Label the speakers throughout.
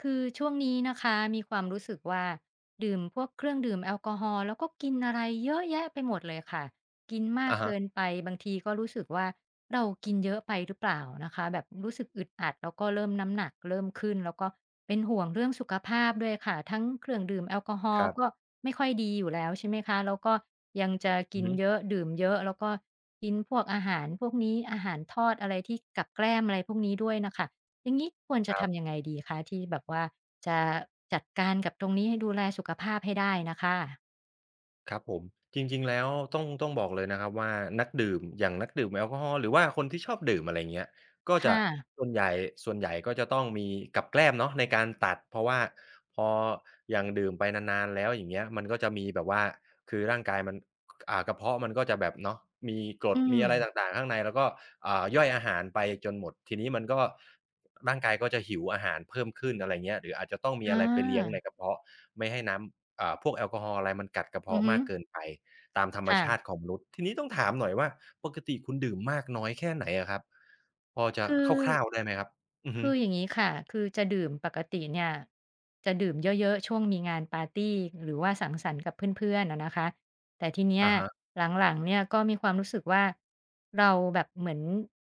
Speaker 1: คือช่วงนี้นะคะมีความรู้สึกว่า ดื่มพวกเครื่องดื่มแอลกอฮอล์ แล้วก็กินอะไรเยอะแยะไปหมดเลยค่ะ กินมา
Speaker 2: อ
Speaker 1: ก
Speaker 2: ะฮ
Speaker 1: เก
Speaker 2: ะ
Speaker 1: ินไป บางทีก็รู้สึกว่า เรากินเยอะไปหรือเปล่านะคะ แบบรู้สึกอึดอัด แล้วก็เริ่มน้ำหนักเริ่มขึ้น แล้วก็เป็นห่วงเรื่องสุขภาพด้วยค่ะ ทั้งเครื่องดื่มแอลกอฮอล
Speaker 2: คร
Speaker 1: ์
Speaker 2: ับ
Speaker 1: ก็ไม่ค่อยดีอยู่แล้ว ใช่ไหมคะ แล้วก็ยังจะก
Speaker 2: อื
Speaker 1: ิ
Speaker 2: อ
Speaker 1: น
Speaker 2: ฮึ
Speaker 1: เยอะ ดื่มเยอะ แล้วก็กินพวกอาหารพวกนี้ อาหารทอด อะไรที่ กับแกล้มอะไรพวกนี้ด้วยน่ะค่ะ อย่างงี้ควรจ
Speaker 2: ค
Speaker 1: ะ
Speaker 2: ร
Speaker 1: ท
Speaker 2: ับ
Speaker 1: ำยังไงดีคะ ที่แบบว่าจะ จัดการกับตรงนี้ ดูแลสุขภาพให้ได้น่ะค่ะ?
Speaker 2: ครับผม จริง ๆ แล้วต้อง ต้องบอกเลยนะครับว่า นักดื่ม อย่างนักดื่มแอลกอฮอล์ หรือว่าคนที่ชอบดื่ม อะไรอย่างเงี้ย ก็
Speaker 1: ค
Speaker 2: จ
Speaker 1: ่
Speaker 2: ะ
Speaker 1: ะ
Speaker 2: ส่วนใหญ่ ส่วนใหญ่ก็จะต้องมีกับแกล้มเนาะในการตัด เพราะว่าพอ อย่างดื่มไปนาน ๆ แล้ว อย่างเงี้ย มันก็จะมีแบบว่า คือร่างกายมัน ก อ่า กระเพาะมันก็จะแบบเนาะ มีกร
Speaker 1: อื
Speaker 2: ด มีอะไร
Speaker 1: ม
Speaker 2: ต่าง ๆ ข้างใน แล้วก็ อ่า ย่อยอาหารไปจนหมด ทีนี้มันก็ ร่างกายก็จะหิวอาหารเพิ่มขึ้น อะไรอย่างเงี้ย หรืออาจจะต้องมี
Speaker 1: อ
Speaker 2: อะไรไปเลี้ยงใน
Speaker 1: า
Speaker 2: กระเพาะ ไม่ให้น้ำ เอ่อ พวกแอลกอฮอล์อะไรมันกัดกระเพ
Speaker 1: อ
Speaker 2: า
Speaker 1: ือ
Speaker 2: ะ
Speaker 1: ฮ
Speaker 2: ม
Speaker 1: ึ
Speaker 2: ากเกินไปตามธรร
Speaker 1: ค
Speaker 2: ม
Speaker 1: ่
Speaker 2: ช
Speaker 1: ะ
Speaker 2: าติของมนุษย์ ทีนี้ต้องถามหน่อยว่า ปกติคุณดื่มมากน้อยแค่ไหนอะครับ พอจะ
Speaker 1: คือ
Speaker 2: คร่าว ๆ ได้ไหมครับ? อือฮ
Speaker 1: ค
Speaker 2: ึ
Speaker 1: ืออย่างงี้ค่ะ คือจะดื่มปกติเนี่ย จะดื่มเยอะ ๆ ช่วงมีงานปาร์ตี หรือว่าสังสรรค์กับเพื่อน ๆ อะนะคะ แต่ทีเนี้
Speaker 2: อ
Speaker 1: ย
Speaker 2: ะฮะ
Speaker 1: หลัง ๆ เนี่ยก็มีความรู้สึกว่า เราแบบเหมือน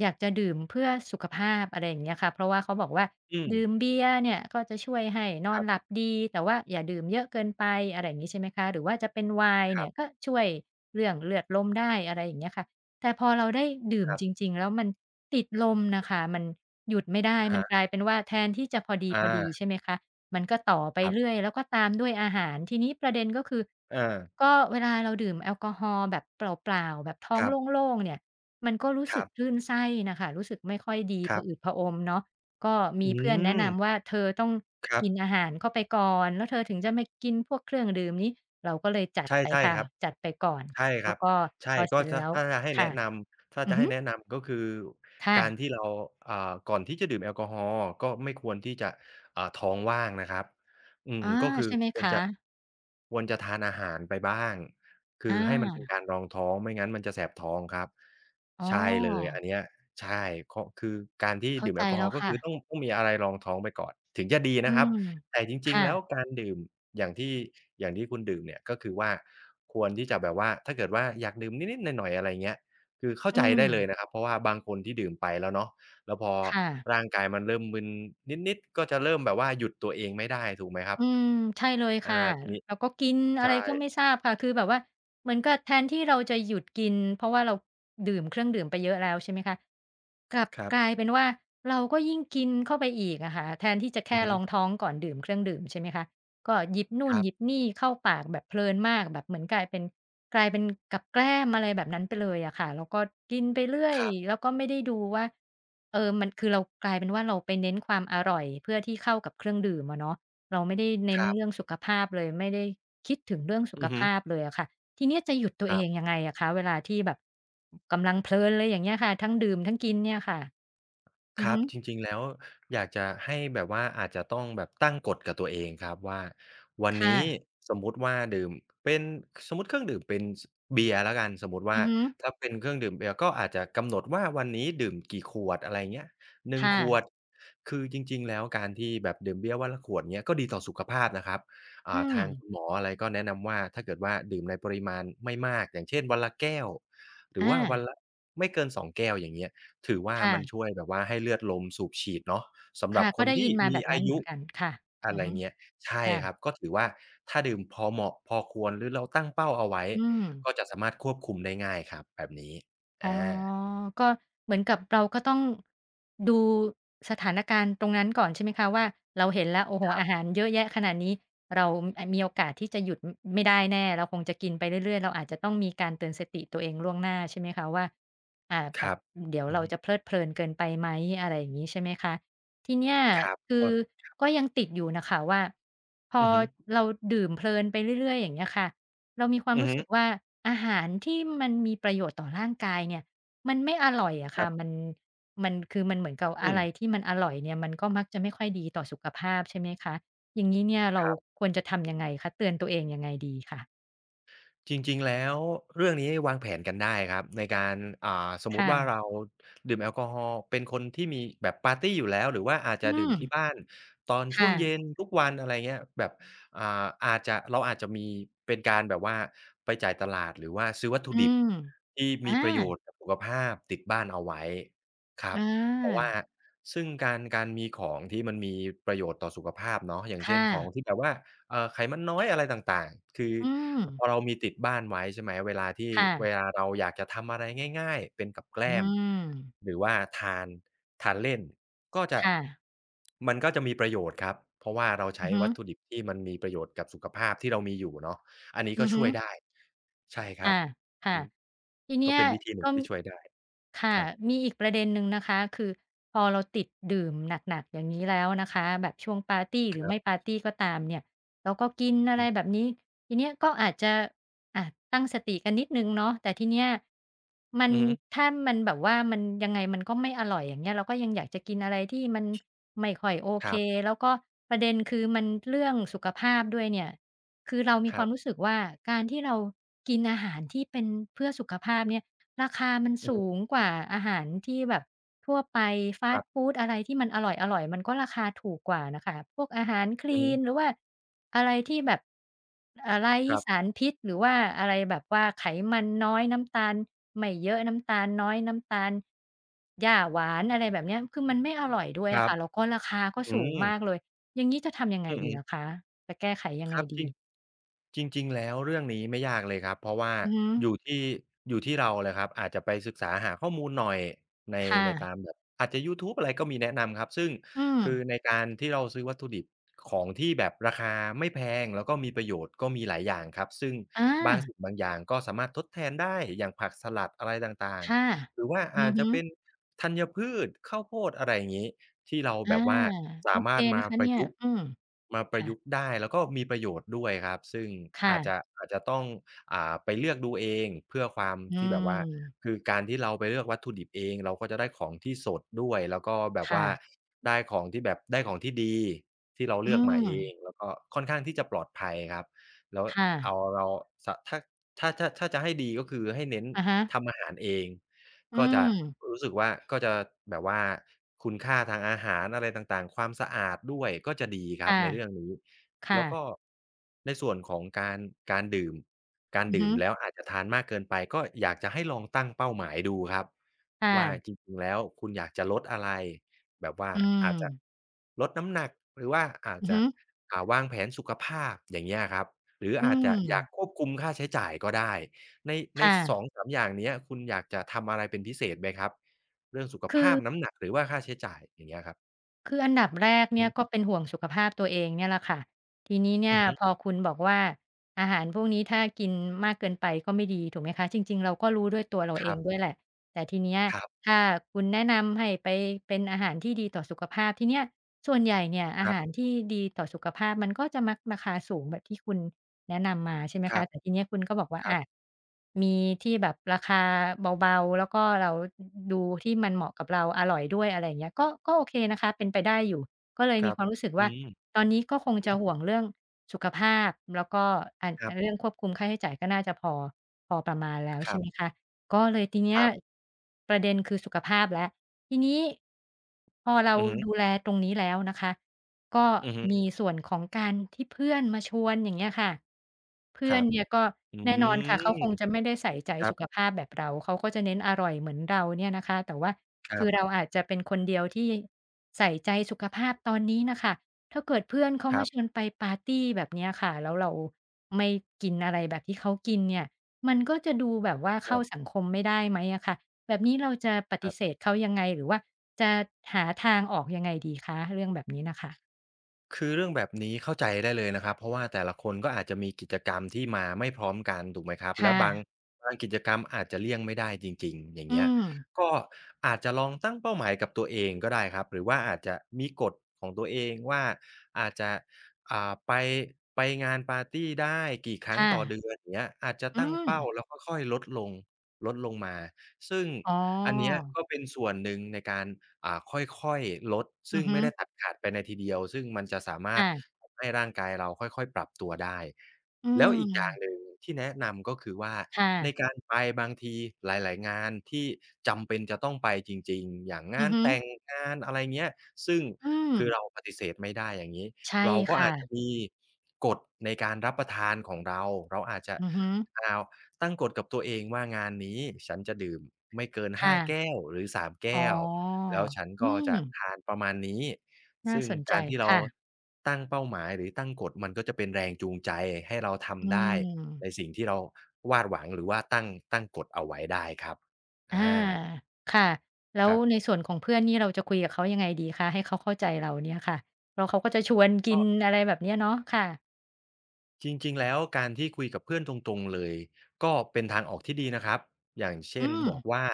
Speaker 1: อยากจะดื่มเพื่อสุขภาพ อะไรอย่างเงี้ยค่ะ เพราะว่าเขาบอกว่า
Speaker 2: อื
Speaker 1: ดื่
Speaker 2: ม
Speaker 1: มเบียร์เนี่ยก็จะช่วยให้นอ
Speaker 2: ค
Speaker 1: น
Speaker 2: รับ
Speaker 1: หลับดี แต่ว่าอย่าดื่มเยอะเกินไป อะไรอย่างงี้ ใช่ไหมคะ หรือว่าจะเป็นไวน์
Speaker 2: ค
Speaker 1: เ
Speaker 2: ร
Speaker 1: น
Speaker 2: ั
Speaker 1: ี่
Speaker 2: บ
Speaker 1: ย ก็ช่วยเรื่องเลือดลมได้ อะไรอย่างเงี้ยค่ะ แต่พอเราได้ดื่
Speaker 2: ค
Speaker 1: ม
Speaker 2: รั
Speaker 1: จ
Speaker 2: บ
Speaker 1: ริง ๆ แล้ว มันติดลมน่ะค่ะ มันหยุดไม่ได้
Speaker 2: คร
Speaker 1: มั
Speaker 2: ั
Speaker 1: น
Speaker 2: บ
Speaker 1: กลายเป็นว่าแทนที่จะพอ
Speaker 2: อ
Speaker 1: ดี ๆ
Speaker 2: า
Speaker 1: ใช่ไหมคะ มันก็ต่อไป
Speaker 2: ครับ
Speaker 1: เรื่อย แล้วก็ตามด้วยอาหาร ทีนี้ประเด็น ก็คือ
Speaker 2: อา
Speaker 1: ก็เวลาเราดื่มแอลกอฮอล์แบบเปล่า ๆ แบบท้อ
Speaker 2: ค
Speaker 1: ง
Speaker 2: รับ
Speaker 1: โล่ง ๆ เนี่ย มันก็รู้
Speaker 2: ค
Speaker 1: ส
Speaker 2: ร
Speaker 1: ึ
Speaker 2: ั
Speaker 1: ก
Speaker 2: บ
Speaker 1: คลื่นไส้น่ะค่ะ รู้สึกไม่ค่อยดี
Speaker 2: คร
Speaker 1: ผ
Speaker 2: ั
Speaker 1: ะ
Speaker 2: บ
Speaker 1: อืดผะอมเนาะ ก็ม
Speaker 2: อื
Speaker 1: ี
Speaker 2: ้อ
Speaker 1: เพื่อ
Speaker 2: ฮ
Speaker 1: นแนะน
Speaker 2: ือ
Speaker 1: ำว่า "เธอต้อง
Speaker 2: ครั
Speaker 1: ก
Speaker 2: บ
Speaker 1: ินอาหารเข้าไปก่อน แล้วเธอถึงจะมากินพวกเครื่องดื่มนี้" เราก็เลยจั
Speaker 2: ใช
Speaker 1: ดไป
Speaker 2: ่
Speaker 1: ค่ะ
Speaker 2: ๆ ครับ
Speaker 1: จัดไปก่อน
Speaker 2: ใช่
Speaker 1: แ
Speaker 2: ค
Speaker 1: ล
Speaker 2: ร
Speaker 1: ้
Speaker 2: ั
Speaker 1: ว
Speaker 2: บ
Speaker 1: ก็
Speaker 2: ใช่
Speaker 1: พอเ
Speaker 2: ก
Speaker 1: สร
Speaker 2: ็
Speaker 1: ็จ
Speaker 2: ถ
Speaker 1: แล้ว
Speaker 2: ถ้าจะให้
Speaker 1: ค
Speaker 2: แน
Speaker 1: ่
Speaker 2: ะ
Speaker 1: ะ
Speaker 2: นำ ถ้า
Speaker 1: อื
Speaker 2: จะ
Speaker 1: อ
Speaker 2: ใ
Speaker 1: ฮ
Speaker 2: ห้
Speaker 1: ึ
Speaker 2: แนะนำ ก็คือ
Speaker 1: ค่
Speaker 2: ก
Speaker 1: ะ
Speaker 2: ารที่เรา อ่า ก่อนที่จะดื่มแอลกอฮอล์ ก็ไม่ควรที่จะ อ่า ท้องว่างนะครับ อืม
Speaker 1: อา
Speaker 2: ก็คื
Speaker 1: ใช
Speaker 2: อ
Speaker 1: ่ไหม
Speaker 2: คว
Speaker 1: ค
Speaker 2: ร
Speaker 1: ะ?
Speaker 2: จะ ควรจะทานอาหารไปบ้าง ค
Speaker 1: อ
Speaker 2: ือให้มันเป็น
Speaker 1: า
Speaker 2: การรองท้อง ไม่งั้นมันจะแสบท้องครับ
Speaker 1: อ๋
Speaker 2: ใช่เลย
Speaker 1: อ
Speaker 2: อันเนี้ย ใช่ ค คือการที่
Speaker 1: เข้า
Speaker 2: ดื่ม
Speaker 1: ใ
Speaker 2: แ
Speaker 1: จ
Speaker 2: อลกอ
Speaker 1: แ
Speaker 2: ฮ
Speaker 1: ล
Speaker 2: อ
Speaker 1: ้
Speaker 2: ล
Speaker 1: ว
Speaker 2: ์ ก็
Speaker 1: ค
Speaker 2: ค
Speaker 1: ่
Speaker 2: ื
Speaker 1: ะ
Speaker 2: อต้อง ต้องมีอะไรรองท้องไปก่อนถึงจะดี
Speaker 1: อื
Speaker 2: นะครับ
Speaker 1: ม
Speaker 2: แต่จ
Speaker 1: ค
Speaker 2: ริง
Speaker 1: ่
Speaker 2: ๆ แล้
Speaker 1: ะ
Speaker 2: วการดื่มอย่างที่ อย่างที่คุณดื่มเนี่ย ก็คือว่าควรที่จะแบบว่าถ้าเกิดว่า อยากดื่มนิด ๆ หน่อย ๆ อะไรอย่างเงี้ย คือเข้า
Speaker 1: อื
Speaker 2: ใจได้เลย
Speaker 1: ม
Speaker 2: นะครับ เพราะว่าบางคนที่ดื่มไปแล้วเนาะ แล้วพอ
Speaker 1: ค่ะ
Speaker 2: ร่างกายมันเริ่มมึนนิด ๆ ก็จะเริ่มแบบว่าหยุดตัวเองไม่ได้ถูกไหมครับ?
Speaker 1: อืม ใช่เลย
Speaker 2: อ
Speaker 1: ค
Speaker 2: า
Speaker 1: ่ะ
Speaker 2: ทีนี้
Speaker 1: แล้วก็กิน
Speaker 2: ใ
Speaker 1: อ
Speaker 2: ช
Speaker 1: ะไร
Speaker 2: ่
Speaker 1: ก็ไม่ทราบค่ะ คือแบบว่าเหมือนกับแทนที่เราจะหยุด กิน เพราะว่าเราดื่มเครื่องดื่มไปเยอะแล้ว ใช่ไหมคะ กลับ
Speaker 2: ครั
Speaker 1: ก
Speaker 2: บ
Speaker 1: ลายเป็นว่า เราก็ยิ่งกินเข้าไปอีกอะค่ะ แทนที่จะแค
Speaker 2: อื
Speaker 1: ่
Speaker 2: อฮ
Speaker 1: ร
Speaker 2: ึ
Speaker 1: องท้องก่อนดื่มเครื่องดื่ม ใช่ไหมคะ ก็หยิบนู่
Speaker 2: ค
Speaker 1: น
Speaker 2: รั
Speaker 1: ห
Speaker 2: บ
Speaker 1: ยิบนี่เข้าปากแบบเพลินมาก แบบเหมือนกลายเป็น กลายเป็นกับแกล้ม อะไรแบบนั้นไปเลยอะค่ะ แล้วก็กินไปเรื่อย
Speaker 2: ครับ
Speaker 1: แล้วก็ไม่ได้ดูว่า เอ่อ มันคือเรากลายเป็นว่า เราไปเน้นความอร่อยเพื่อที่เข้ากับเครื่องดื่มอะเนาะ เราไม่ได้เน้
Speaker 2: ค
Speaker 1: น
Speaker 2: รั
Speaker 1: เ
Speaker 2: บ
Speaker 1: รื่องสุขภาพเลย ไม่ได้คิดถึงเรื่องสุ
Speaker 2: อ
Speaker 1: ข
Speaker 2: ือฮ
Speaker 1: ภ
Speaker 2: ึ
Speaker 1: าพเลยอะค่ะ ทีนี้จะหยุดตัวเอ
Speaker 2: ครั
Speaker 1: ง
Speaker 2: บ
Speaker 1: ยังไงอะคะ เวลาที่แบบ กำลังเพลิน ไรอย่างเงี้ยค่ะ ทั้งดื่มทั้งกินเนี่ยค่ะ? อื
Speaker 2: ค
Speaker 1: อ
Speaker 2: ร
Speaker 1: ฮ
Speaker 2: ับ
Speaker 1: ึ
Speaker 2: จริง ๆ แล้วอยากจะให้แบบว่า อาจจะต้องแบบตั้งกฎกับตัวเองครับว่า วัน
Speaker 1: ค
Speaker 2: น
Speaker 1: ่
Speaker 2: ี้
Speaker 1: ะ
Speaker 2: สมมุติว่าดื่มเป็น สมมุติเครื่องดื่มเป็น ส เบียร์แล้วกัน สมมุติว่
Speaker 1: อ
Speaker 2: า
Speaker 1: ือฮึ
Speaker 2: ถ้าเป็นเครื่องดื่มเบียร์ ก็อาจจะกำหนดว่าวันนี้ดื่มกี่ขวด อะไรอย่างเงี้ย หนึ่
Speaker 1: ค
Speaker 2: ง
Speaker 1: ่
Speaker 2: ขว
Speaker 1: ะ
Speaker 2: ด คือจริง ๆ แล้วการที่แบบดื่มเบียร์วันละขวดเงี้ย ก็ดีต่อสุขภาพนะครับ อ่
Speaker 1: อื
Speaker 2: า ทาง
Speaker 1: ม
Speaker 2: คุณหมออะไรก็แนะนำว่า ถ้าเกิดว่าดื่มในปริมาณไม่มาก อย่างเช่น วันละแก้ว หรือ
Speaker 1: อ
Speaker 2: ว่าวัน
Speaker 1: า
Speaker 2: ละไม่เกิน 2 แก้ว อย่างเงี้ย ถือว่า
Speaker 1: ค่
Speaker 2: มัน
Speaker 1: ะ
Speaker 2: ช่วยแบบว่าให้เลือดลมสูบฉีดเนาะ สำห
Speaker 1: ค
Speaker 2: รั
Speaker 1: ่
Speaker 2: บ
Speaker 1: ะ
Speaker 2: ค
Speaker 1: ก็
Speaker 2: น
Speaker 1: ได้
Speaker 2: ที
Speaker 1: ยิ
Speaker 2: ่
Speaker 1: นมา
Speaker 2: ม
Speaker 1: แ
Speaker 2: ี
Speaker 1: บบ
Speaker 2: อ
Speaker 1: นั้
Speaker 2: า
Speaker 1: นเห
Speaker 2: ย
Speaker 1: มื
Speaker 2: ุ
Speaker 1: อนกัน ค่ะ
Speaker 2: อะ
Speaker 1: อื
Speaker 2: ไ
Speaker 1: อ
Speaker 2: ร
Speaker 1: ฮึ
Speaker 2: เงี้ย ใช่
Speaker 1: ค่
Speaker 2: คร
Speaker 1: ะ
Speaker 2: ับ ก็ถือว่าถ้าดื่มพอเหมาะพอควร หรือเราตั้งเป้าเอาไว้
Speaker 1: อื
Speaker 2: ก
Speaker 1: ม
Speaker 2: ็จะสามารถควบคุมได้ง่ายครับ แบบนี้ อ
Speaker 1: อ๋อ
Speaker 2: า
Speaker 1: ก็ เหมือนกับเราก็ต้องดูสถานการณ์ตรงนั้นก่อน ใช่ไหมคะว่า เราเห็นแล้ว โอ้โฮ
Speaker 2: ครั
Speaker 1: อ
Speaker 2: บ
Speaker 1: าหารเยอะแยะขนาดนี้ เรา อ มีโอกาสที่จะหยุด ม ไม่ได้แน่ เราคงจะกินไปเรื่อย ๆ เราอาจจะต้องมีการเตือนสติตัวเองล่วงหน้า ใช่ไหมคะว่า อ่า
Speaker 2: ค
Speaker 1: แบ
Speaker 2: ร
Speaker 1: บ
Speaker 2: ับ
Speaker 1: เดี๋ยว
Speaker 2: อื
Speaker 1: เร
Speaker 2: อ
Speaker 1: า
Speaker 2: ฮึ
Speaker 1: จะเพลิดเพลินเกินไปไหม อะไรอย่างงี้ ใช่ไหมคะ ทีเนี้ย
Speaker 2: ครับ
Speaker 1: คื
Speaker 2: ก
Speaker 1: อ
Speaker 2: ็ [unintelligible]
Speaker 1: ก็ยังติดอยู่น่ะค่ะว่า พ
Speaker 2: อ
Speaker 1: อ
Speaker 2: ือฮึ
Speaker 1: เราดื่มเพลินไปเรื่อย ๆ อย่างเงี้ยค่ะ เรามีความ
Speaker 2: อื
Speaker 1: ร
Speaker 2: อ
Speaker 1: ู้
Speaker 2: ฮึ
Speaker 1: สึกว่า อาหารที่มันมีประโยชน์ต่อร่างกายเนี่ย มันไม่อร่อยอะค
Speaker 2: คร
Speaker 1: ่
Speaker 2: ั
Speaker 1: ะ
Speaker 2: บ
Speaker 1: มัน มัน คือมันเหมือนกับ
Speaker 2: อ
Speaker 1: อะไ
Speaker 2: ื
Speaker 1: ร
Speaker 2: ม
Speaker 1: ที่มันอร่อยเนี่ย มันก็มักจะไม่ค่อยดีต่อสุขภาพ ใช่ไหมคะ อย่างงี้เนี่ยเรา
Speaker 2: ครับ
Speaker 1: ควรจะทำยังไงคะ เตือนตัวเองยังไงดีค่ะ?
Speaker 2: จริง ๆ แล้วเรื่องนี้นี่วางแผนกันได้ครับ ในการ อ่า สม
Speaker 1: ค
Speaker 2: มุต
Speaker 1: ่
Speaker 2: ิว่า
Speaker 1: ะ
Speaker 2: เราดื่มแอลกอฮอล์ เป็นคนที่มีแบบปาร์ตีอยู่แล้ว หรือว่าอาจ
Speaker 1: อ
Speaker 2: จ
Speaker 1: ื
Speaker 2: ะดื่
Speaker 1: ม
Speaker 2: มที่บ้านตอน
Speaker 1: ค
Speaker 2: ช
Speaker 1: ่
Speaker 2: ่วงเย
Speaker 1: ะ
Speaker 2: ็นทุกวัน อะไรเงี้ย แบบ อ่า อาจจะ เราอาจจะมีเป็นการแบบว่าไปจ่ายตลาด หรือว่าซื้อวัตถ
Speaker 1: อ
Speaker 2: ุ
Speaker 1: ื
Speaker 2: ดิบ
Speaker 1: ม
Speaker 2: ที่
Speaker 1: อ
Speaker 2: มี
Speaker 1: า
Speaker 2: ประโยชน์กับสุขภาพติดบ้านเอาไว้ครั
Speaker 1: อ
Speaker 2: บ เพราะว่
Speaker 1: า
Speaker 2: า ซึ่งการ การมีของที่มันมีประโยชน์ต่อสุขภาพเนาะ อย่าง
Speaker 1: ค
Speaker 2: เช
Speaker 1: ่
Speaker 2: ่น ขอ
Speaker 1: ะ
Speaker 2: งที่แบบว่า เอ่อ ไขมันน้อย อะไรต่าง ๆ คือ
Speaker 1: อืม
Speaker 2: พอเรามีติดบ้านไว้ ใช่ไหม เวลาที่
Speaker 1: ค่
Speaker 2: เ
Speaker 1: ะ
Speaker 2: วลาเราอยากจะทำอะไรง่าย ๆ เป็นกับแกล
Speaker 1: อื
Speaker 2: ้ม
Speaker 1: ม
Speaker 2: หรือว่าทาน ทานเล่น ก็จะ
Speaker 1: ค่ะ
Speaker 2: มันก็จะมีประโยชน์ครับ เพราะว่าเราใ
Speaker 1: อ
Speaker 2: ช
Speaker 1: ื
Speaker 2: ้
Speaker 1: อฮึ
Speaker 2: วัตถุดิบที่มันมีประโยชน์กับสุขภาพที่เรามีอยู่เนาะ อันนี้
Speaker 1: อ
Speaker 2: ก
Speaker 1: ื
Speaker 2: ็
Speaker 1: อฮ
Speaker 2: ช
Speaker 1: ึ
Speaker 2: ่วยได้ ใช่ค
Speaker 1: ค
Speaker 2: รั
Speaker 1: ่
Speaker 2: บ
Speaker 1: ะ ค่
Speaker 2: อื
Speaker 1: ะ
Speaker 2: อฮึ
Speaker 1: ทีเน
Speaker 2: ก็
Speaker 1: ี้
Speaker 2: เ
Speaker 1: ย
Speaker 2: ป็นวิธีหนึ่
Speaker 1: ก
Speaker 2: ง
Speaker 1: ็
Speaker 2: ที่ช่วยได้
Speaker 1: ค่ะ
Speaker 2: ครับ
Speaker 1: มีอีกประเด็นหนึ่งนะคะ คือพอเราติดดื่มหนัก ๆ อย่างงี้แล้วนะคะ แบบช่วงปาร์ตีห
Speaker 2: ค
Speaker 1: รือ
Speaker 2: ร
Speaker 1: ไ
Speaker 2: ั
Speaker 1: ม
Speaker 2: บ
Speaker 1: ่ปาร์ตีก็ตามเนี่ย เราก็กินอะ
Speaker 2: อ
Speaker 1: ไร
Speaker 2: ืม
Speaker 1: แบบนี้ ทีเนี้ยก็อาจจะ อะ ตั้งสติกันนิดหนึ่งเนาะ แต่ทีเนี้ยมัน
Speaker 2: อือฮึ
Speaker 1: ถ้ามัน แบบว่ามัน ยังไงมันก็ไม่อร่อย อย่างเงี้ย เราก็ยังอยากจะกินอะไรที่มัน
Speaker 2: ช
Speaker 1: ไม่ค่อยโอ
Speaker 2: ค
Speaker 1: เ
Speaker 2: ร
Speaker 1: ค
Speaker 2: ับ
Speaker 1: แล้วก็ประเด็นคือมันเรื่องสุขภาพด้วยเนี่ย คือเรามี
Speaker 2: ค
Speaker 1: คว
Speaker 2: รั
Speaker 1: า
Speaker 2: บ
Speaker 1: มรู้สึกว่า การที่เรากินอาหารที่เป็นเพื่อสุขภาพเนี่ย ราคามัน
Speaker 2: อื
Speaker 1: ส
Speaker 2: อฮ
Speaker 1: ู
Speaker 2: ึ
Speaker 1: งกว่าอาหารที่แบบทั่วไป ฟา
Speaker 2: ค
Speaker 1: ส
Speaker 2: รั
Speaker 1: ต
Speaker 2: บ
Speaker 1: ์ฟูดอะไรที่มันอร่อย ๆ มันก็ราคาถูกกว่าน่ะค่ะ พวกอาหารคล
Speaker 2: อือ
Speaker 1: ี
Speaker 2: ฮึ
Speaker 1: น หรือว่าอะไรที่แบบ อ่า ไร้
Speaker 2: ครับ
Speaker 1: สารพิษ หรือว่าอะไรแบบว่าไขมันน้อย น้ำตาลไม่เยอะ น้ำตาลน้อย น้ำตาล หญ้าหวาน อะไรแบบเนี้ย คือมันไม่อร่อยด้ว
Speaker 2: ค
Speaker 1: ยอ
Speaker 2: ร
Speaker 1: ะ
Speaker 2: ั
Speaker 1: ค
Speaker 2: บ
Speaker 1: ่ะ แล้วก็ราคาก็
Speaker 2: อื้
Speaker 1: ส
Speaker 2: อ
Speaker 1: ูง
Speaker 2: ฮ
Speaker 1: ม
Speaker 2: ือ
Speaker 1: ากเลย อย่างงี้จะทำยังไ
Speaker 2: อ
Speaker 1: ง
Speaker 2: ือ
Speaker 1: ด
Speaker 2: อ
Speaker 1: ี
Speaker 2: ืม
Speaker 1: ล่ะคะ จะแก้ไขยังไง
Speaker 2: ครับ
Speaker 1: ด
Speaker 2: จริ
Speaker 1: ี?
Speaker 2: ง จริง ๆ แล้วเรื่องนี้ไม่ยากเลยครับ เพราะว่า
Speaker 1: อือฮ
Speaker 2: อย
Speaker 1: ึ
Speaker 2: ู่ที่ อยู่ที่เราเลยครับ อาจจะไปศึกษาหาข้อมูลหน่อยใน
Speaker 1: ค่
Speaker 2: ในต
Speaker 1: ะ
Speaker 2: ามแบบ อาจจะยูทูบอะไรก็มีแนะนำครับ ซึ่ง
Speaker 1: อื
Speaker 2: คือ
Speaker 1: ม
Speaker 2: ในการที่เราซื้อวัตถุดิบของที่แบบราคาไม่แพง แล้วก็มีประโยชน์ ก็มีหลายอย่างครับ ซึ่ง
Speaker 1: อ
Speaker 2: บางส
Speaker 1: า
Speaker 2: ิ่งบางอย่างก็สามารถทดแทนได้ อย่างผักสลัดอะไรต่าง
Speaker 1: ค่ะ
Speaker 2: ๆ หรือว่า
Speaker 1: อื
Speaker 2: อา
Speaker 1: อ
Speaker 2: จ
Speaker 1: ฮ
Speaker 2: จะเป
Speaker 1: ึ
Speaker 2: ็นธัญพืช ข้าวโพด อะไรอย่างงี้ ที่เรา
Speaker 1: อ
Speaker 2: แ
Speaker 1: า
Speaker 2: บบว่าส
Speaker 1: โอ
Speaker 2: าม
Speaker 1: เค
Speaker 2: ารถม
Speaker 1: น
Speaker 2: า
Speaker 1: ะคะ
Speaker 2: ป
Speaker 1: เ
Speaker 2: ร
Speaker 1: นี
Speaker 2: ะ
Speaker 1: ่ย
Speaker 2: ยุกต์
Speaker 1: อืม
Speaker 2: มาป
Speaker 1: ค
Speaker 2: ร
Speaker 1: ่
Speaker 2: ะยุ
Speaker 1: ะ
Speaker 2: กต์ได้ แล้วก็มีประโยชน์ด้วยครับ ซึ่ง
Speaker 1: ค
Speaker 2: อ
Speaker 1: ่
Speaker 2: าจ
Speaker 1: ะ
Speaker 2: จะ อาจจะต้อง อ่า ไปเลือกดูเองเพื่อความ
Speaker 1: อื
Speaker 2: ที่แบบว่า
Speaker 1: ม
Speaker 2: คือการที่เราไปเลือกวัตถุดิบเอง เราก็จะได้ของที่สดด้วย แล้วก็แบบ
Speaker 1: ค่
Speaker 2: ว่า
Speaker 1: ะ
Speaker 2: ได้ของที่แบบ ได้ของที่ดีที่เรา
Speaker 1: อ
Speaker 2: เ
Speaker 1: ื
Speaker 2: ลือกมาเอง
Speaker 1: ม
Speaker 2: แล้วก็ค่อนข้างที่จะปลอดภัยครับ แล้ว
Speaker 1: ค่
Speaker 2: เอ
Speaker 1: ะ
Speaker 2: าเรา ส ถ้า ถ้า ถ้า ถ้าจะให้ดีก็คือให้เน้น
Speaker 1: อะฮะ
Speaker 2: ทำอาหารเอง
Speaker 1: อื
Speaker 2: ก็จะ
Speaker 1: ม
Speaker 2: รู้สึกว่า ก็จะแบบว่าคุณค่าทางอาหารอะไรต่าง ๆ ความสะอาดด้วยก็จะดีค
Speaker 1: ค
Speaker 2: รั
Speaker 1: ่
Speaker 2: บ
Speaker 1: ะ
Speaker 2: ในเรื่องนี้
Speaker 1: ค
Speaker 2: แ
Speaker 1: ่
Speaker 2: ล้วก
Speaker 1: ะ
Speaker 2: ็ในส่วนของการ การดื่ม การ
Speaker 1: อือ
Speaker 2: ดื
Speaker 1: ฮ
Speaker 2: ่มแล
Speaker 1: ึ
Speaker 2: ้วอาจจะทานมากเกินไป ก็อยากจะให้ลองตั้งเป้าหมายดูครับ
Speaker 1: ค่
Speaker 2: ว่า
Speaker 1: ะ
Speaker 2: จริง ๆ แล้วคุณอยากจะลดอะไร? แบบว่า
Speaker 1: อื
Speaker 2: อาจจะ
Speaker 1: ม
Speaker 2: ลดน้ำหนัก หรือว่าอาจ
Speaker 1: อือ
Speaker 2: จ
Speaker 1: ฮ
Speaker 2: ะ
Speaker 1: ึ
Speaker 2: อ่า วางแผนสุขภาพ อย่าเงี้ยอะครับ หรือ
Speaker 1: อื
Speaker 2: อาจจะอยาก
Speaker 1: ม
Speaker 2: ควบคุมค่าใช้จ่ายก็ได้ ใน ใ
Speaker 1: ค
Speaker 2: น
Speaker 1: ่
Speaker 2: ส
Speaker 1: ะ
Speaker 2: องสาม อย่างเนี้ย คุณอยากจะทำอะไรเป็นพิเศษไหมครับ? เรื่องสุข
Speaker 1: ค
Speaker 2: ภา
Speaker 1: ือ
Speaker 2: พ น้ำหนัก หรือว่าค่าใช้จ่าย อย่างเงี้ยครับ
Speaker 1: คืออันดับแรกเน
Speaker 2: ฮ
Speaker 1: ี่
Speaker 2: ึ
Speaker 1: ย ก็เป็นห่วงสุขภาพตัวเองเนี่ยแหละค่ะ ทีนี้เน
Speaker 2: อ
Speaker 1: ี่
Speaker 2: ื
Speaker 1: ย
Speaker 2: อฮึ
Speaker 1: พอคุณบอกว่า อาหารพวกนี้ถ้ากินมากเกินไปก็ไม่ดี ถูกไหมคะ จริง ๆ เราก็รู้ด้วยตัวเรา
Speaker 2: ค
Speaker 1: เอ
Speaker 2: รั
Speaker 1: ง
Speaker 2: บ
Speaker 1: ด้วยแหละ แต่ทีเนี้ย
Speaker 2: ครับ
Speaker 1: ถ้าคุณแนะนำให้ไปเป็นอาหารที่ดีต่อสุขภาพ ทีเนี้ยส่วนใหญ่เนี่ยอ
Speaker 2: ค
Speaker 1: า
Speaker 2: รั
Speaker 1: ห
Speaker 2: บ
Speaker 1: ารที่ดีต่อสุขภาพ มันก็จะมักราคาสูงแบบที่คุณแนะนำมา ใช่ไหม
Speaker 2: ค
Speaker 1: ค
Speaker 2: รั
Speaker 1: ะ
Speaker 2: บ
Speaker 1: แต่ทีนี้คุณก็บอกว่า
Speaker 2: คร
Speaker 1: อ
Speaker 2: ับ
Speaker 1: ะ มีที่แบบราคาเบา ๆ แล้วก็เรา ด ดูที่มันเหมาะกับเรา อร่อยด้วย อะไรอย่างเงี้ย ก็ ก็โอเคนะคะ เป็นไปได้อยู่ ก็เลย
Speaker 2: ค
Speaker 1: ม
Speaker 2: ร
Speaker 1: ี
Speaker 2: ับ
Speaker 1: ความรู้สึก
Speaker 2: อื
Speaker 1: ว่า
Speaker 2: ม
Speaker 1: ตอนนี้ก็ค
Speaker 2: อื
Speaker 1: ง
Speaker 2: อฮ
Speaker 1: จ
Speaker 2: ึ
Speaker 1: ะห่วงเรื่องสุขภาพ แล้วก็อัน
Speaker 2: คร
Speaker 1: อ
Speaker 2: ั
Speaker 1: ั
Speaker 2: บ
Speaker 1: นเรื่องควบคุมค่าใช้จ่ายก็น่าจะพอ พอประมาณแล้ว
Speaker 2: ค
Speaker 1: ใช
Speaker 2: ร
Speaker 1: ่
Speaker 2: ับ
Speaker 1: ไหมคะ ก็เลยทีเนี
Speaker 2: ค
Speaker 1: ้ย
Speaker 2: รับ
Speaker 1: ประเด็นคือสุขภาพแล้ว ทีนี้ พอเรา
Speaker 2: อือฮึ
Speaker 1: ดูแลตรงนี้แล้วนะคะ ก็
Speaker 2: อือฮึ
Speaker 1: มีส่วนของการที่เพื่อนมาชวน อย่างเงี้ยค่ะ เพ
Speaker 2: ค
Speaker 1: ื่
Speaker 2: ร
Speaker 1: อ
Speaker 2: ั
Speaker 1: น
Speaker 2: บ
Speaker 1: เนี่ย ก็
Speaker 2: อื
Speaker 1: แน่นอนค่ะเขา
Speaker 2: ม
Speaker 1: คงจะไม่ได้ใส่ใจ
Speaker 2: ครั
Speaker 1: สุ
Speaker 2: บ
Speaker 1: ขภาพแบบเรา เขาก็จะเน้นอร่อยเหมือนเราเนี่ยนะคะ แต่ว่า
Speaker 2: คร
Speaker 1: ค
Speaker 2: ั
Speaker 1: ือ
Speaker 2: บ
Speaker 1: เราอาจจะเป็นคนเดียวที่ใส่ใจสุขภาพตอนนี้น่ะค่ะ ถ้าเกิดเพื่อนเขา
Speaker 2: ค
Speaker 1: ม
Speaker 2: รั
Speaker 1: า
Speaker 2: บ
Speaker 1: เชิญไปปาร์ตีแบบนี้อะค่ะ แล้วเราไม่กินอะไรแบบที่เขากินเนี่ย มันก็จะดูแบบว่าเข้
Speaker 2: คร
Speaker 1: า
Speaker 2: ับ
Speaker 1: สังคมไม่ได้ไหมอะคะ แบบนี้เราจะปฏ
Speaker 2: ค
Speaker 1: ิ
Speaker 2: รับ
Speaker 1: เสธเขายังไง หรือว่าจะหาทางออกยังไงดีคะ เรื่องแบบนี้น่ะค่ะ?
Speaker 2: คือเรื่องแบบนี้เข้าใจได้เลยนะครับ เพราะว่าแต่ละคน ก็อาจจะมีกิจกรรมที่มาไม่พร้อมกัน ถูกไหมครับ
Speaker 1: ค
Speaker 2: แล
Speaker 1: ่
Speaker 2: ้วบาง
Speaker 1: ะ
Speaker 2: บางกิจกรรมอาจจะเลี่ยงไม่ได้จริง ๆ อย่าง
Speaker 1: อื
Speaker 2: เงี้ย
Speaker 1: ม
Speaker 2: ก็อาจจะลองตั้งเป้าหมายกับตัวเองก็ได้ครับ หรือว่าอาจจะมีกฎของตัวเองว่า อาจจะ อ่า ไป ไปงานปาร์ตีได้กี่ครั้
Speaker 1: ค
Speaker 2: ง
Speaker 1: ่
Speaker 2: ต่อ หน
Speaker 1: ะ
Speaker 2: ึ่ง เดือน อย่างเงี้ย อาจจะ
Speaker 1: อื
Speaker 2: ตั้งเป้า
Speaker 1: ม
Speaker 2: แล้วค่อย ๆ ลดลง ลดลงมา ซึ่ง
Speaker 1: อ๋อ
Speaker 2: อันเนี้ยก็เป็นส่วนหนึ่งในการ อ่า ค่อย ๆ ลด ซ
Speaker 1: อ
Speaker 2: ึ
Speaker 1: ื
Speaker 2: ่
Speaker 1: อ
Speaker 2: ง
Speaker 1: ฮ
Speaker 2: ไ
Speaker 1: ึ
Speaker 2: ม่ได้ตัดขาดไปในทีเดียว ซึ่งมันจะสาม
Speaker 1: ค
Speaker 2: ารถ
Speaker 1: ่ะ
Speaker 2: ทำให้ร่างกายเราค่อย ๆ ปรับตัวได้
Speaker 1: อื
Speaker 2: แล้วอีกอย่าง
Speaker 1: ม
Speaker 2: หนึ่งที่แนะนำ ก็คือว่า
Speaker 1: ค่
Speaker 2: ใ
Speaker 1: ะ
Speaker 2: นการไปบางทีหลาย ๆ งานที่จำเป็นจะต้องไปจริง ๆ อย่างง
Speaker 1: อื
Speaker 2: า
Speaker 1: อ
Speaker 2: น
Speaker 1: ฮึ
Speaker 2: แต่งงาน อะไรอย่างเงี้ย ซึ่ง
Speaker 1: อืม
Speaker 2: คือเราปฏิเสธไม่ได้อย่างงี้
Speaker 1: ใช่
Speaker 2: เราก็
Speaker 1: ค
Speaker 2: อ
Speaker 1: ่
Speaker 2: าจจะ
Speaker 1: ะ
Speaker 2: มีกฎในการรับประทานของเรา เราอาจจะ
Speaker 1: อือฮึ
Speaker 2: อ่า ตั้งกฎกับตัวเองว่า งานนี้ฉันจะดื่มไม่เกิน
Speaker 1: ค
Speaker 2: ห้
Speaker 1: ่ะ
Speaker 2: า แก้วหรือ 3 แก
Speaker 1: อ๋อ
Speaker 2: ้ว แล้วฉัน
Speaker 1: อ
Speaker 2: ก
Speaker 1: ื
Speaker 2: ็จะ
Speaker 1: ม
Speaker 2: ทานประมาณนี้
Speaker 1: น
Speaker 2: ซ
Speaker 1: ่า
Speaker 2: ึ่ง
Speaker 1: สนใ
Speaker 2: ก
Speaker 1: จ
Speaker 2: ารที่เร
Speaker 1: ค
Speaker 2: า
Speaker 1: ่ะ
Speaker 2: ตั้งเป้าหมาย หรือตั้งกฎ มันก็จะเป็นแรงจูงใจให้เราท
Speaker 1: อื
Speaker 2: ำได้ใน
Speaker 1: ม
Speaker 2: สิ่งที่เราวาดหวัง หรือว่าตั้ง ตั้งกฎเอาไว้ได้ครับ
Speaker 1: อ
Speaker 2: อ
Speaker 1: า
Speaker 2: า
Speaker 1: ค่ะ แล้ว
Speaker 2: ครับ
Speaker 1: ในส่วนของเพื่อนนี่เราจะคุยกับเขายังไงดีคะ? ให้เขาเข้าใจเราเนี่ยค่ะ แล้วเขาก็จะชวนก
Speaker 2: ก
Speaker 1: ิน
Speaker 2: ็
Speaker 1: อะไรแบบนี้เนาะ ค่ะ
Speaker 2: จริง ๆ แล้วการที่คุยกับเพื่อนตรง ๆ เลย ก็เป็นทางออกที่ดีนะครับ อย่างเช
Speaker 1: อื
Speaker 2: ่น
Speaker 1: ม
Speaker 2: บอกว่า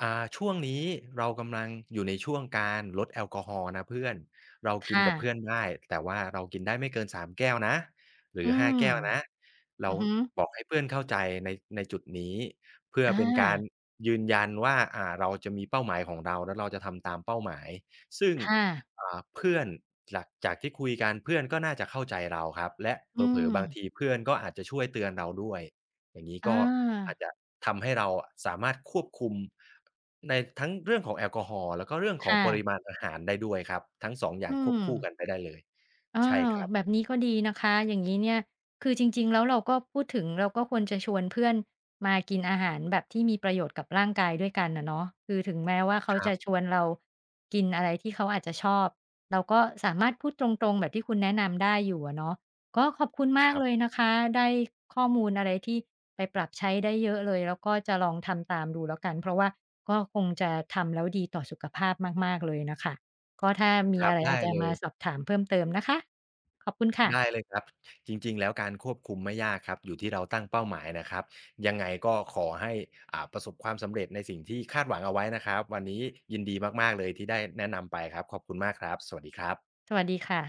Speaker 2: อ่า "ช่วงนี้เรากำลังอยู่ในช่วงการลดแอลกอฮอล์นะเพื่อน เรา
Speaker 1: ค
Speaker 2: กิน
Speaker 1: ่
Speaker 2: กับเพื
Speaker 1: ะ
Speaker 2: ่อนได้ แต่ว่าเรากินได้ไม่เกิน 3 แก้วนะ หร
Speaker 1: อ
Speaker 2: ื
Speaker 1: ื
Speaker 2: อ 5
Speaker 1: ม
Speaker 2: แก้วนะ" เร
Speaker 1: อื
Speaker 2: า
Speaker 1: อฮึ
Speaker 2: บอกให้เพื่อนเข้าใจใน ในจุดนี้ เพื่อ
Speaker 1: อ
Speaker 2: เป็นการ
Speaker 1: า
Speaker 2: ยืนยันว่า อ่า เราจะมีเป้าหมายของเรา แล้วเราจะทำตามเป้าหมาย ซึ่ง
Speaker 1: ค่ะ
Speaker 2: อ่า เพื่อนจาก จากที่คุยกัน เพื่อนก็น่าจะเข้าใจเราครับ และ
Speaker 1: อ
Speaker 2: เ
Speaker 1: ื
Speaker 2: ผลอ ๆ บาง
Speaker 1: ม
Speaker 2: ทีเพื่อนก็อาจจะช่วยเตือนเราด้วยอย่างงี้
Speaker 1: อ
Speaker 2: ก็อาจ
Speaker 1: า
Speaker 2: จะทำให้เราอะสามารถควบคุม ในทั้งเรื่องของแอลกอฮอล์ แล้วก็เรื่องข
Speaker 1: ค
Speaker 2: อง
Speaker 1: ่
Speaker 2: ปร
Speaker 1: ะ
Speaker 2: ิมาณอาหารได้ด้วยครับ ทั้ง 2 อย่
Speaker 1: อื
Speaker 2: างควบคู่ก
Speaker 1: ม
Speaker 2: ันไปได้เลย
Speaker 1: เอ
Speaker 2: ใช่
Speaker 1: อ
Speaker 2: ครับ
Speaker 1: แบบนี้ก็ดีนะคะ อย่างงี้เนี่ย คือจริง ๆ แล้วเราก็พูดถึง เราก็ควรจะชวนเพื่อนมากินอาหารแบบที่มีประโยชน์กับร่างกายด้วยกันอะเนาะ คือถึงแม้ว่าเขา
Speaker 2: ครั
Speaker 1: จะ
Speaker 2: บ
Speaker 1: ชวนเรากินอะไรที่เขาอาจจะชอบ เราก็สามารถพูดตรง ๆ แบบที่คุณแนะนำได้อยู่อะเนาะ ก็ขอบคุณม
Speaker 2: ค
Speaker 1: า
Speaker 2: ร
Speaker 1: ก
Speaker 2: ับ
Speaker 1: เลยนะคะ ได้ข้อมูลอะไรที่ไปปรับใช้ได้เยอะเลย แล้วก็จะลองทำตามดูแล้วกัน เพราะว่าก็คงจะทำแล้วดีต่อสุขภาพมาก ๆ เลยน่ะค่ะ ก็ถ้าม
Speaker 2: ค
Speaker 1: ี
Speaker 2: รั
Speaker 1: อ
Speaker 2: บ
Speaker 1: ะไร
Speaker 2: ได
Speaker 1: อา
Speaker 2: ้
Speaker 1: จจะ
Speaker 2: เล
Speaker 1: มา
Speaker 2: ย
Speaker 1: สอบถามเพิ่มเติมนะคะ ขอบคุณค่
Speaker 2: ได
Speaker 1: ะ
Speaker 2: ้เลยครับ จริง ๆ แล้วการควบคุมไม่ยากครับ อยู่ที่เราตั้งเป้าหมายนะครับ ยังไงก็ขอให้ อ่า ประสบความสำเร็จในสิ่งที่คาดหวังเอาไว้นะครับ วันนี้ยินดีมาก ๆ เลยที่ได้แนะนำไปครับ ขอบคุณมากครับ สวัสดีครับ
Speaker 1: สวัสดีค่ะ